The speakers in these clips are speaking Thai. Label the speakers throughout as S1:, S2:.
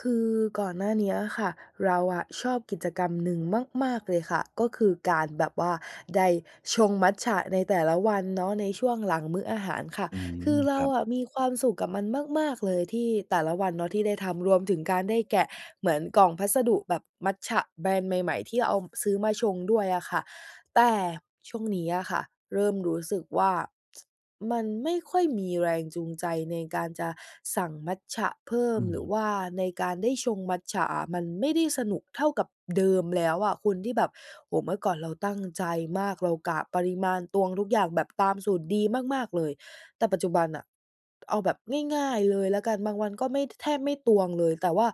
S1: คือก่อนหน้าเนี้ยค่ะ เราอะชอบกิจกรรมหนึ่งมาก ๆ เลยค่ะ ก็คือการแบบว่าได้ชงมัตจะในแต่ละวันเนาะ ในช่วงหลังมื้ออาหารค่ะ
S2: อืม
S1: คือเร
S2: ค
S1: า
S2: รับ
S1: อะมีความสุขกับมันมาก ๆ เลยที่ แต่ละวันเนาะที่ได้ทำ รวมถึงการได้แกะ เหมือนกล่องพัสดุแบบมัตจะแบรนด์ใหม่ ๆ ที่เอา ซื้อมาชงด้วยอะค่ะ แต่ช่วงนี้อะค่ะ เริ่มรู้สึกว่า มันไม่ค่อยมีแรงจูงใจในการจะสั่งมัตจะเพิ่
S2: อ
S1: ม
S2: ื
S1: หรือ
S2: ม
S1: ว่า ในการได้ชงมัตจะอะ มันไม่ได้สนุกเท่ากับ เดิมแล้วอะคุณ ที่แบบ โอ้โฮ! เมื่อก่อนเราตั้งใจมาก เรากะปริมาณตวงทุกอย่างแบบตามสูตรดีมาก ๆ เลย แต่ปัจจุบันน่ะ เอาแบบง่าย ๆ เลยแล้วกัน บางวันก็ไม่ ท แทบไม่ตวงเลย แต่ว่า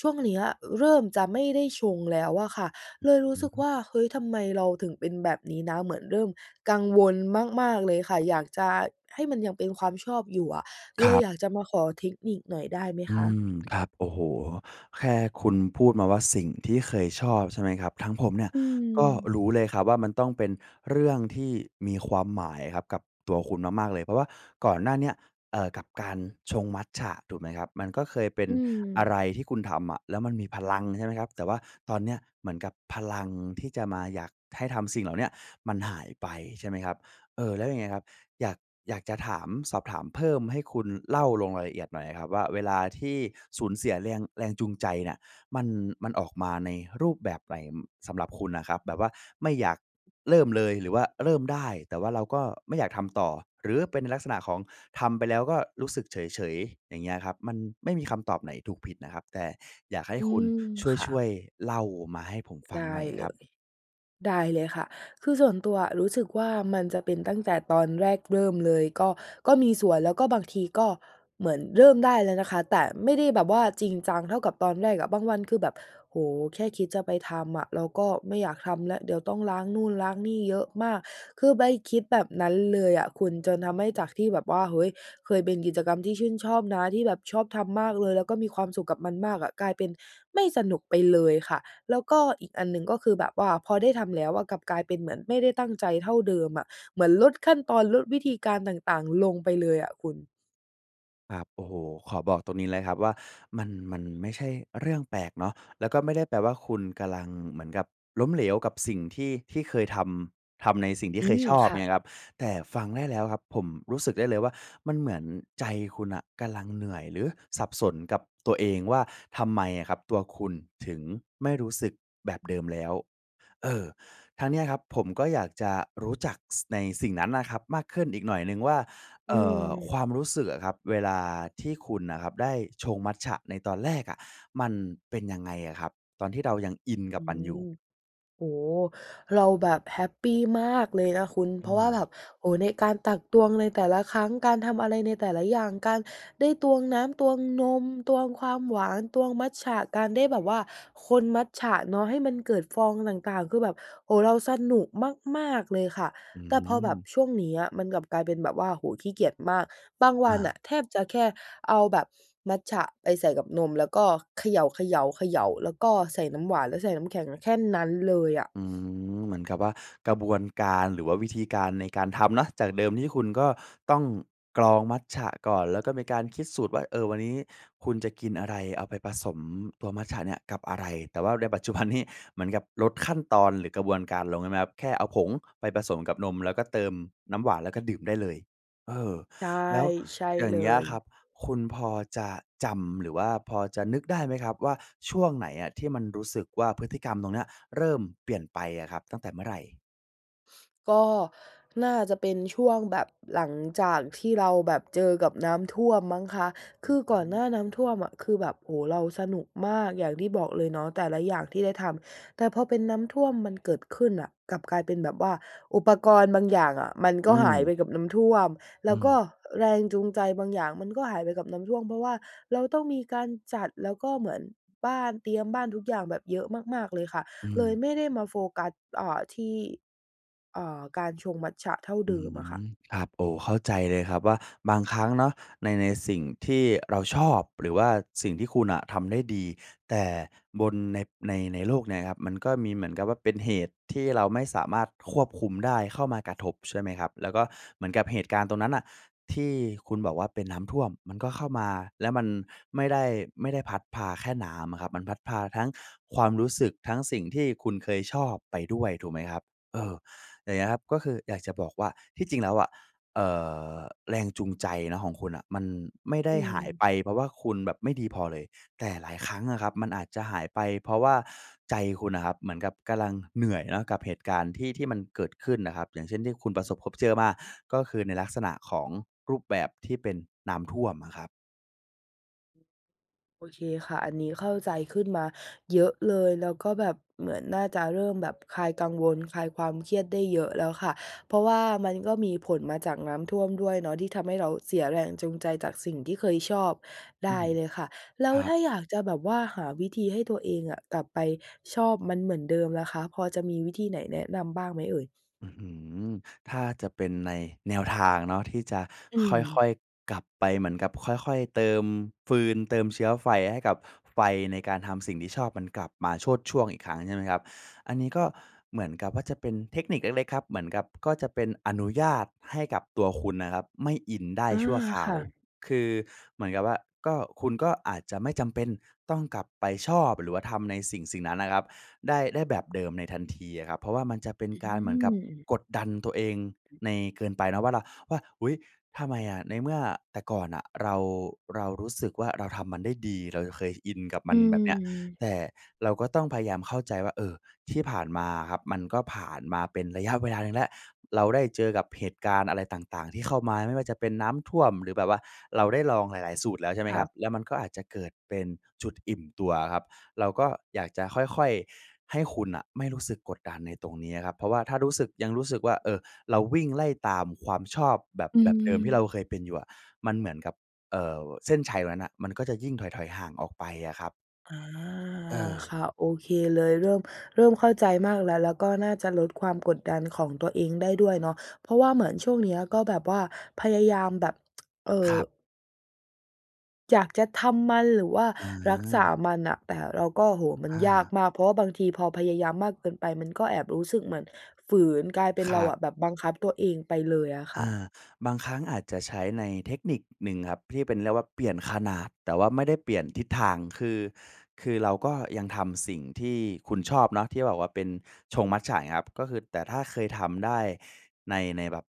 S1: ช่วงเนี้ย เริ่มจะไม่ได้ชงแล้วอะค่ะ เลยรู
S2: อ
S1: ้
S2: ื
S1: ส
S2: อ
S1: ึก
S2: ฮ
S1: ว
S2: ึ
S1: ่า "เฮ้ย! ทำไมเราถึงเป็นแบบนี้นะ" เหมือนเริ่มกังวลมาก ๆ เลยค่ะ อยากจะให้มันยังเป็นความชอบอยู่อะ
S2: ค
S1: เล
S2: ร
S1: ย
S2: ับ
S1: อยากจะมาขอเทคนิคหน่อยได้ไหม
S2: อ
S1: ค
S2: ื
S1: ะ?
S2: ม ครับ โอ้โฮ! แค่คุณพูดมาว่าสิ่งที่เคยชอบ ใช่ไหมครับ ทางผมเนี่ย
S1: อื
S2: ก็
S1: ม
S2: รู้เลยครับว่า มันต้องเป็นเรื่องที่มีความหมายครับกับตัวคุณมาก ๆ เลย เพราะว่าก่อนหน้าเนี้ย เอ่อ กับการชงมัตจะ ถูกไหมครับ มันก็เคยเป็น
S1: อื
S2: อะไ
S1: ม
S2: รที่คุณทำอะ แล้วมันมีพลัง ใช่ไหมครับ แต่ว่าตอนเนี้ย เหมือนกับพลังที่จะมา อยากให้ทำสิ่งเหล่าเนี้ย มันหายไป ใช่ไหมครับ เอ่อ แล้วอย่างเงี้ยครับ อยาก อยากจะถามสอบถามเพิ่ม ให้คุณเล่าลงรายละเอียดหน่อยอะครับว่า เวลาที่สูญเสียเรียง แรงจูงใจเนี่ย มัน มันออกมาในรูปแบบไหน? อ สำหรับคุณน่ะครับ แบบว่าไม่อยากเริ่มเลย หรือว่าเริ่มได้ แต่ว่าเราก็ไม่อยากทำต่อ หรือเป็นในลักษณะของทำไปแล้วก็รู้สึกเฉย ๆ อย่างเงี้ยครับ? มันไม่มีคำตอบไหนถูกผิดนะครับ แต่อยากให้
S1: อื
S2: คุณ
S1: ม ค่
S2: ช
S1: ะ
S2: ่วย ๆ เล่ามาให้ผมฟั
S1: ไ
S2: ง
S1: ด้
S2: หน่อยค
S1: เล
S2: รับ
S1: ย ได้เลยค่ะ คือส่วนตัวอะ รู้สึกว่ามันจะเป็นตั้งแต่ตอนแรกเริ่มเลย ก็ ก็มีส่วน แล้วก็ บางทีก็เหมือนเริ่มได้แล้วนะคะ แต่ไม่ได้แบบว่าจริงจังเท่ากับตอนแรกอะ บางวันคือแบบ โอ้โฮ! แค่คิดจะไปทำอะ เราก็ไม่อยากทำแล้ว เดี๋ยวต้องล้างนู่นล้างนี่เยอะมาก คือไปคิดแบบนั้นเลยอะคุณ จนทำให้ จากที่แบบว่า เฮ้ย! เคยเป็นกิจกรรมที่ชื่นชอบนะที่แบบชอบทำมากเลย แล้วก็มีความสุขกับมันมากอะ กลายเป็นไม่สนุกไปเลยค่ะ แล้วก็อีกอันหนึ่ง ก็คือแบบว่าพอได้ทำแล้วอะ กลับกลายเป็นเหมือนไม่ได้ตั้งใจเท่าเดิมอะ เหมือนลดขั้นตอน ลดวิธีการต่าง ๆ ลงไปเลยอะคุณ
S2: ครับ โอ้โฮ ขอบอกตรงนี้เลยครับว่า มัน มันไม่ใช่เรื่องแปลกเนาะ แล้วก็ไม่ได้แปลว่า คุณกำลัง เหมือนกับล้มเหลวกับสิ่งที่ ที่เคยทำ ทำในสิ่งที
S1: อ
S2: ่
S1: ื
S2: เคย
S1: ม
S2: ชอบ
S1: ค
S2: เ
S1: ่
S2: ง
S1: ะ
S2: ี้ยครับ แต่ฟังได้แล้วครับ ผมรู้สึกได้เลยว่า มันเหมือนใจคุณน่ะกำลัง เหนื่อย หรือสับสนกับตัวเองว่า ทำไมอะครับตัวคุณถึงไม่รู้สึกแบบเดิมแล้ว เออ ทางเนี้ยครับผมก็อยากจะรู้จัก ส ในสิ่งนั้นน่ะครับมากขึ้นอีกหน่อยหนึ่งว่า
S1: อ
S2: เ
S1: ื
S2: อ่อ ค
S1: ม
S2: วามรู้สึกอะครับเวลาที่คุณน่ะครับได้ชงมัตจะในตอนแรกอะ มันเป็นยังไงอะครับ? ตอนที่เรายังอินกั
S1: อ
S2: บ
S1: ื
S2: มันอยู่
S1: ม โอ้โฮ เราแบบแฮปปีมากเลยนะคุณ เ
S2: อื
S1: พราะว่าแบ
S2: ม
S1: บ โอ้โฮ ในการตักตวงในแต่ละครั้ง การทำอะไรในแต่ละอย่าง การได้ตวงน้ำ ตวงนม ตวงความหวาน ตวงมัตจะ การได้แบบว่าคนมัตจะเนาะ ให้มันเกิดฟองต่าง ๆ คือแบบ โอ้โฮ เราสนุกมาก ๆ เลยค่ะ
S2: อื
S1: แต่พอแบบ
S2: ม
S1: ช่วงเนี้ยมันกลับกลายเป็นแบบว่า โอ้โฮ ขี้เกียจมาก บางว
S2: อ
S1: ั
S2: ะฮ
S1: นน่
S2: ะ
S1: ะแทบจะแค่เอาแบบ มัตจะไปใส่กับนม แล้วก็เขย่า ๆ ๆ แล้วก็ใส่น้ำหวาน แล้วใส่น้ำแข็ง แค่นั้นเลยอะ
S2: อืม เหมือนกับว่า กระบวนการ หรือว่าวิธีการในการทำเนาะ จากเดิมที่คุณก็ต้องกรองมัตจะก่อน แล้วก็มีการคิดสูตรว่า เอ่อ วันนี้คุณจะกินอะไร? เอาไปผสมตัวมัตจะเนี่ยกับอะไร? แต่ว่าใน ปัจจุบันนี้ เหมือนกับลดขั้นตอน หรือกระบวนการลงใช่ไหมครับ? แค่เอาผงไปผสมกับนม แล้วก็เติมน้ำหวาน แล้วก็ดื่มได้เลย เอ่อ
S1: ใช่
S2: แล้ว
S1: ใช่
S2: อย่
S1: เ
S2: า
S1: ล
S2: งเงี้ยค
S1: ย
S2: รับ คุณพอจะจำ หรือว่าพอจะนึกได้ไหมครับว่า ช่วงไหนอะ? ที่มันรู้สึกว่า พฤติกรรมตรงเนี้ยเริ่มเปลี่ยนไปอะครับ ตั้งแต่เมื่อไหร่?
S1: ก็น่าจะเป็นช่วงแบบหลังจากที่เราแบบเจอกับน้ำท่วมมั้งคะ
S2: อ
S1: ค
S2: ื
S1: ื
S2: อ
S1: อ
S2: ฮ
S1: ก่อน
S2: ึ
S1: หน้าน้ำท่วมอะ คือแบบ โอ้โฮ! เราสนุกมาก อย่างที่บอกเลยเนาะ แต่ละอย่างที่ได้ทำ แต่พอเป็นน้ำท่วมมันเกิดขึ้นน่ะ กลับกลายเป็นแบบว่า อุปกรณ์บางอย่างอะมันก
S2: อื
S1: ็หาย
S2: ม
S1: ไปกับน้ำท่วม แ
S2: อ
S1: ล
S2: ื
S1: ้วก็
S2: ม
S1: แรงจูงใจบางอย่างมันก็หายไปกับน้ำท่วม เพราะว่าเราต้องมีการจัด แล้วก็เหมือน บ้านเตรียมบ้านทุกอย่างแบบเยอะมาก ๆ เลยค่ะ
S2: อื
S1: เลย
S2: ม
S1: ไม่ได้มาโฟกัส อ่า ที่ อ่า การชงมัตจะเท่า
S2: อื
S1: เดิมอะค
S2: ม
S1: ่ะ
S2: ครับ โอ้ เข้าใจเลยครับว่า บางครั้งเนาะ ใน ในสิ่งที่เราชอบ หรือว่าสิ่งที่คุณอะทำได้ดี แต่บน ใน ในโลกเนี้ยครับ มันก็มี เหมือนกับว่าเป็นเหตุที่เราไม่สามารถควบคุมได้เข้ามากระทบ ใช่ไหมครับ แล้วก็เหมือนกับเหตุการณ์ตรงนั้นน่ะ ที่คุณบอกว่าเป็นน้ำท่วม มันก็เข้ามา แล้วมันไม่ได้ ไม่ได้พัดพาแค่น้ำอะครับ มันพัดพาทั้งความรู้สึก ทั้งสิ่งที่คุณเคยชอบไปด้วย ถูกไหมครับ? เออ อย่างเงี้ยครับ ก็คืออยากจะบอกว่า ที่จริงแล้วอะ เอ่อ แรงจูงใจเนาะของคุณน่ะ มันไม่ได
S1: อื
S2: ้หาย
S1: ม
S2: ไป เพราะว่าคุณแบบไม่ดีพอเลย แต่หลายครั้งอะครับมันอาจจะหายไป เพราะว่าใจคุณน่ะครับ เหมือนกับกำลังเหนื่อยเนาะกับเหตุการณ์ที่ ที่มันเกิดขึ้นน่ะครับ อย่างเช่นที่คุณประสบพบเจอมา ก็คือในลักษณะของรูปแบบที่เป็นน้ำท่วมอะครับ
S1: โอเคค่ะ อันนี้เข้า ใจขึ้นมาเยอะเลย แล้วก็แบบเหมือนน่าจะเริ่มแบบคลายกังวลคลายความเครียดได้เยอะแล้วค่ะ เพราะว่ามันก็มีผลมาจากน้ำท่วมด้วยเนาะ ที่ทำให้เราเสียแรงจูงใจจากสิ่งที่เคยชอบ ไ
S2: อ
S1: ด
S2: ื
S1: ้
S2: ม
S1: เลยค่ะ แล้
S2: ค
S1: ว
S2: รั
S1: ถ
S2: บ
S1: ้าอยากจะแบบว่าหาวิธีให้ตัวเองอะ กลับไปชอบมันเหมือนเดิมล่ะคะ พอจะมีวิธีไหนแนะนำบ้างไหมเอ่ย?
S2: อื้อฮือ ถ้าจะเป็นในแนวทางเนาะที่จะ
S1: อื
S2: ค่อ
S1: ม
S2: ย ๆ กลับไปเหมือนกับค่อย ๆ เติมฟืนเติมเชื้อไฟ ให้กับไฟในการทำสิ่งที่ชอบมันกลับมาโชติช่วงอีกครั้งใช่ไหมครับ? อันนี้ก็เหมือนกับ ว่า จะเป็นเทคนิคเล็ก ๆ ครับ เหมือนกับ ก็จะเป็นอนุญาตให้กับตัวคุณนะครับ ไม่อินได้
S1: อา
S2: ชั่วคร
S1: ค
S2: า
S1: ่
S2: ว
S1: ะ
S2: คือเหมือนกับว่า ก็ คุณก็อาจจะไม่จำเป็นต้องกลับไปชอบ หรือว่าทำในสิ่ง ๆ นั้นนะครับ ได้ ได้แบบเดิมในทัน ทีอะครับ เพราะว่ามันจะเป็น
S1: อ
S2: การเหมือนกับ
S1: ืม
S2: กดดันตัวเองใน เกินไปเนาะ ว่าเรา ว่า "อุ๊ย! ทำไมอะ ในเมื่อแต่ก่อนน่ะ เรา เรารู้สึกว่า เราทำมันได้ดีเราเคยอินกับม
S1: อื
S2: ัน" แบบเนี้ย แ
S1: ม
S2: ต่เราก็ต้องพยายามเข้าใจว่า เอ่อ ที่ผ่านมาอะครับ มันก็ผ่านมาเป็นระยะเวลาหนึ่งแล้ว เราได้เจอกับเหตุการณ์อะไรต่าง ๆ ที่เข้ามาไม่ว่าจะเป็นน้ำท่วม หรือแบบว่าเราได้ลองหลาย ๆ สูตรแล้วใช่ไหม
S1: ค่
S2: คร
S1: ะ
S2: ับ? แล้วมันก็อาจจะเกิดเป็นจุดอิ่มตัวอะครับ เราก็อยากจะค่อย ๆ ให้คุณน่ะไม่รู้สึกกดดันในตรงเนี้ยครับ เพราะว่าถ้ารู้สึก ยังรู้สึกว่า เอ่อ เราวิ่งไล่ตามความชอบแบบ
S1: อื
S2: แบบเดิมที่เรา
S1: ม
S2: เคยเป็นอยู่อะ มันเหมือนกับ เอ่อ เส้นชัยตรงนั้นน่ะมันก็จะยิ่งถอย ๆ ห่างออกไปอะครับ
S1: อ๋อ ค
S2: เออ
S1: ่ะ โอเคเลย เริ่ม เริ่มเข้าใจมากแล้ว แล้วก็น่าจะลดความกดดันของตัวเองได้ด้วยเนาะ เพราะว่าเหมือนช่วงเนี้ย ก็แบบว่าพยายามแบบ เอ่
S2: ค
S1: อ
S2: รับ
S1: อยากจะทำมันหรือว่า
S2: อ
S1: รักษา
S2: า
S1: มันน่ะ แต่เราก็ โอ้โฮ มั
S2: อ
S1: นยาก
S2: า
S1: มาก เพราะบางทีพอพยายามมากเกินไป มันก็แอบรู้สึกเหมือนฝืน กลายเป็น
S2: ค
S1: เ
S2: ร
S1: รา
S2: ั
S1: อ
S2: บ
S1: ะแบบบังคับตัวเองไปเลยอะค
S2: อ
S1: ่ะ
S2: า บางครั้งอาจจะใช้ ในเทคนิคหนึ่งครับที่เป็น เรียกว่าเปลี่ยนขนาด แต่ว่าไม่ได้เปลี่ยนทิศทาง คือ คือเราก็ยังทำสิ่งที่คุณชอบเนาะ ที่บอกว่าเป็นชงมัตจะอย่างเงี้ยครับ ก็คือ แต่ถ้าเคยทำได้ใน ในแบบ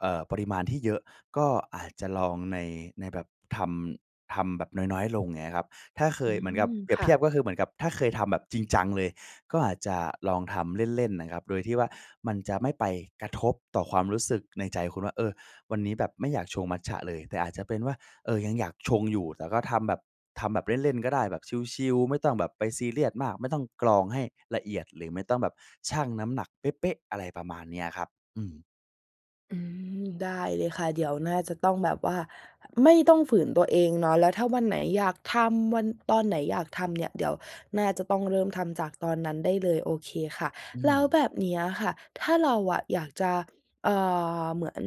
S2: เอ่อ ปริมาณที่เยอะ ก็อาจจะลองใน ในแบบทำ ทำแบบน้อย ๆ ลง เงี้ยครับ ถ้าเค
S1: อื
S2: ย เหมือนกับ
S1: ม
S2: เปรีย
S1: ค
S2: บ
S1: ่
S2: เท
S1: ะ
S2: ียบก็คือ เหมือนกับ ถ้าเคยทำแบบจริง จังเลย ก็อาจจะลองทำเล่น ๆ นะครับโดยที่ว่า มันจะไม่ไปกระทบต่อความรู้สึกในใจคุณว่า เออ วันนี้แบบไม่อยากชงมัตจะเลย แต่อาจจะเป็นว่า เออ ยังอยากชงอยู่แต่ก็ทำแบบ ทำแบบเล่น ๆ ก็ได้ แบบชิล ๆ ไม่ต้องแบบไปซีเรียสมาก ไม่ต้องกรองให้ละเอียด หรือไม่ต้องแบบชั่งน้ำหนักเป๊ะ ๆ อะไรประมาณเนี้ยครับ อืม
S1: อืม ได้เลยค่ะ เดี๋ยวน่าจะต้องแบบว่าไม่ต้องฝืนตัวเองเนาะ แล้วถ้าวันไหนอยากทำ วัน ตอนไหนอยากทำเนี่ย เดี๋ยวน่าจะต้องเริ่มทำจากตอนนั้นได้เลย โอเคค่ะ
S2: อื
S1: แล้ว
S2: ม
S1: แบบเนี้ยค่ะ ถ้าเราอยากจะ เอ่อ เหมือน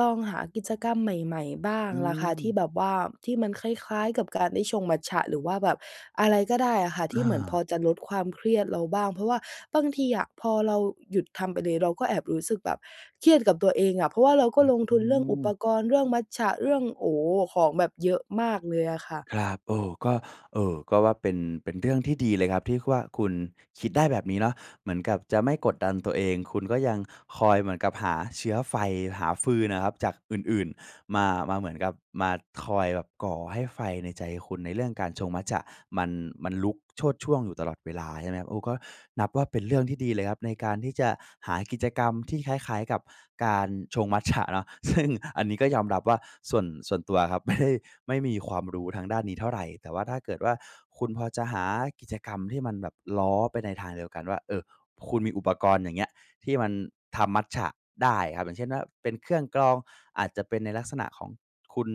S1: ลองหากิจกรรมใหม่ ๆ บ้า
S2: อ
S1: ง
S2: ื
S1: ล่ะคะ ที่
S2: ม
S1: แบบว่า ที่มันคล้าย ๆ กับการได้ชงมัตจะ หรือว่าแบบอะไรก็ได้อะค่ะท
S2: อ
S1: ี่เหมือน พอ
S2: า
S1: จะลดความเครียดเราบ้าง เพราะว่าบางทีอะพอเราหยุดทำไปเลย เราก็แอบรู้สึกแบบเครียดกับตัวเองอะ เพราะว่าเรา
S2: อ
S1: ก็ลงท
S2: ื
S1: ุนเรื่องอุป
S2: ม
S1: กรณ์ เรื่องมัตจะ เรื่อง โอ้โฮ ของแบบเยอะมากเลยอะค่ะ
S2: ครับ เอ่อ ก็ เอ่อ ก็ว่าเป็น เป็นเรื่องที่ดีเลยครับที่ว่า คุณคิดได้แบบนี้เนาะ เหมือนกับจะไม่กดดันตัวเอง คุณก็ยังคอยเหมือนกับหาเชื้อไฟ หาฟืนน่ะครับจากอื่น ๆ มา มาเหมือนกับมาคอยแบบก่อให้ไฟในใจคุณในเรื่องการชงมัตจะมัน มันลุกโชติช่วงอยู่ตลอดเวลาใช่ไหมครับ โอ้ ก็นับว่า เป็นเรื่องที่ดีเลยครับในการที่จะหากิจกรรมที่คล้าย ๆ กับการชงมัตจะเนาะ ซึ่ง อันนี้ก็ยอมรับว่า ส่วน ส่วนตัวครับ ไม่ได้ ไม่มีความรู้ทางด้านนี้เท่าไร แต่ว่า ถ้าเกิดว่า คุณพอจะหากิจกรรมที่มันแบบล้อไปในทางเดียวกันว่า เอ่อ คุณมีอุปกรณ์ อย่างเงี้ย ที่มันทำมัตจะได้ครับ อย่างเช่นว่า เป็นเครื่องกรอง อาจจะเป็นในลักษณะของคุณ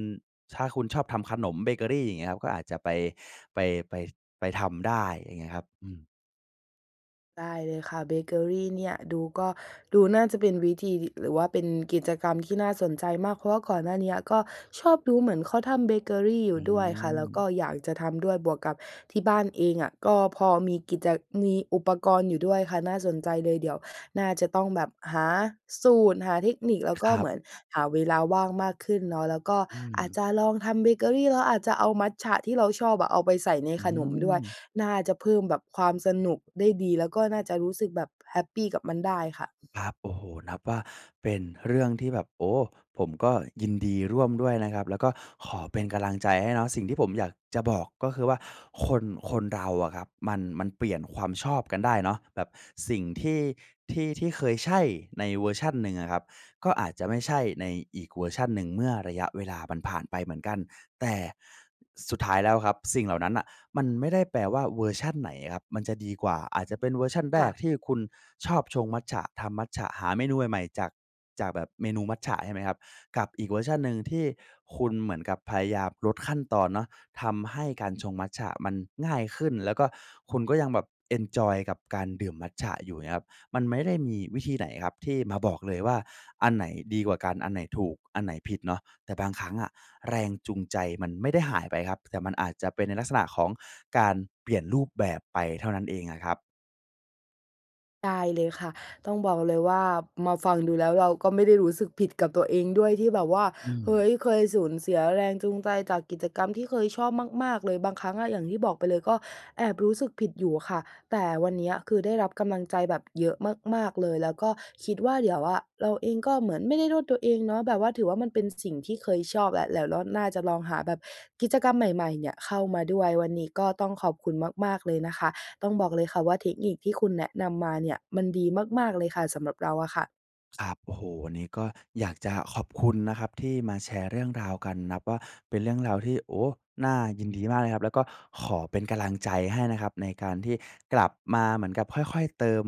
S2: ถ้าคุณชอบทำขนมเบเกอรี อย่างเงี้ยครับ ก็อาจจะไป ไป ไป ไปทำได้ อย่างเงี้ยครับ อืม
S1: ได้เลยคะ เบเกอรีเนี่ยดูก็ ดูน่าจะเป็นวิธีถิ หรือว่าเป็นกิจกรรมที่น่าสนใจมาก เพราะว่าก่อนหน้าเนี้ย ก็ชอบดูเหมือนเขาทำเบเกอรีอย
S2: อ
S1: ู
S2: ื
S1: ่ด้วยคะ แล้วก็
S2: ม
S1: อยากจะทำด้วย บวกกับที่บ้านเองอะก็พอมีกิจจะ มีอุปกรณ์อยู่ด้วยค่ะ น่าสนใจเลย เดี๋ยวน่าจะต้องแบบหาสูตร หาเทคนิค แล้วก
S2: ค
S1: ็
S2: ร
S1: เ
S2: ั
S1: ห
S2: บ
S1: มือนหาเวลาว่างมากขึ้นเนาะ แล้วก็
S2: อื
S1: อาจ
S2: ม
S1: จะลองทำเบเกอรี แล้วอาจจะเอามัตจะที่เราชอบอะ เอาไปใส่ใน
S2: อื
S1: ขนมด้วย
S2: ม
S1: น่าจะเพิ่มแบบความสนุกได้ดี แล้วก็น่าจะรู้สึกแบบแฮปปีกับมันได้ค่ะ
S2: ครับ โอ้โฮ นับว่าเป็นเรื่องที่แบบ โอ้! ผมก็ยินดีร่วมด้วยนะครับ แล้วก็ขอเป็นกำลังใจให้เนาะ สิ่งที่ผมอยากจะบอกก็คือว่า คน คนเราอะครับ มัน ๆ เปลี่ยนความชอบกันได้เนาะ แบบสิ่งที่ ที่ ที่เคยใช่ในเวอร์ชันหนึ่งอะครับ ก็อาจจะไม่ใช่ในอีกเวอร์ชันหนึ่งเมื่อระยะเวลามันผ่านไปเหมือนกัน แต่สุดท้ายแล้วครับ สิ่งเหล่านั้นน่ะมันไม่ได้แปลว่าเวอร์ชันไหนอะครับมันจะดีกว่า อาจจะเป็นเวอร์ชันแร
S1: ค่ะ
S2: ก ที่คุณชอบชงมัตจะ ทำมัตจะ หาเมนูใหม่ ๆ จาก จากแบบเมนูมัตจะ ใช่ไหมครับ กับอีกเวอร์ชันหนึ่งที่คุณเหมือนกับพยายามลดขั้นตอนเนาะ ทำให้การชงมัตจะมันง่ายขึ้น แล้วก็ คุณก็ยังแบบเอนจอยกับการดื่มมัตจะอยู่เงี้ยครับ มันไม่ได้มีวิธีไหนครับที่มาบอกเลยว่า อันไหนดีกว่ากัน อันไหนถูก อันไหนผิดเนาะ แต่บางครั้งอะ แรงจูงใจมันไม่ได้หายไปครับ แต่มันอาจจะเป็นในลักษณะของการเปลี่ยนรูปแบบไปเท่านั้นเองอะครับ
S1: ได้เลยคะ ต้องบอกเลยว่ามาฟังดูแล้ว เราก็ไม่ได้รู้สึกผิดกับตัวเองด้วยที่แบบว่า
S2: อื
S1: เฮ
S2: ม
S1: ้ย! เคยสูญเสียแรงจูงใจจากกิจกรรมที่เคยชอบมาก ๆ เลย บางครั้งอะ อย่างที่บอกไปเลย ก็แอบรู้สึกผิดอยู่อะค่ะ แต่วันเนี้ยคือ ได้รับกำลังใจแบบเยอะมาก ๆ เลย แล้วก็คิดว่า เดี๋ยวอะ เราเองก็เหมือนไม่ได้โทษ ตัวเองเนาะ แบบว่า ถือว่ามันเป็นสิ่งที่เคยชอบอะ เดี๋ยว รอบหน้าจะลองหาแบบกิจกรรมใหม่ ๆ เนี่ยเข้ามาด้วย วันนี้ก็ต้องขอบคุณมาก ๆ เลยนะคะ ต้องบอกเลยคะว่า เทคนิคที่คุณแนะนำมาเนี่ยมันดีมาก ๆ เลยค่ะ สำหรับเราอะค่ะ
S2: ครับ โอ้โฮ วันนี้ก็อยากจะขอบคุณนะครับที่มาแชร์เรื่องราวกัน นับว่าเป็นเรื่องราวที่ โอ้! น่ายินดีมากเลยนะครับ แล้วก็ขอเป็นกำลังใจให้นะครับในการที่กลับมาเหมือนกับค่อย ๆ เติม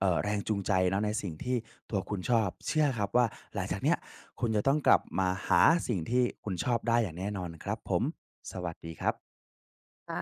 S2: เอ่อ แรงจูงใจเนาะในสิ่งที่ตัวคุณชอบ เชื่อครับว่า หลังจากเนี้ยคุณจะต้องกลับมาหาสิ่งที่คุณชอบได้อย่างแน่นอนครับผม สวัสดีครับ
S1: ค่ะ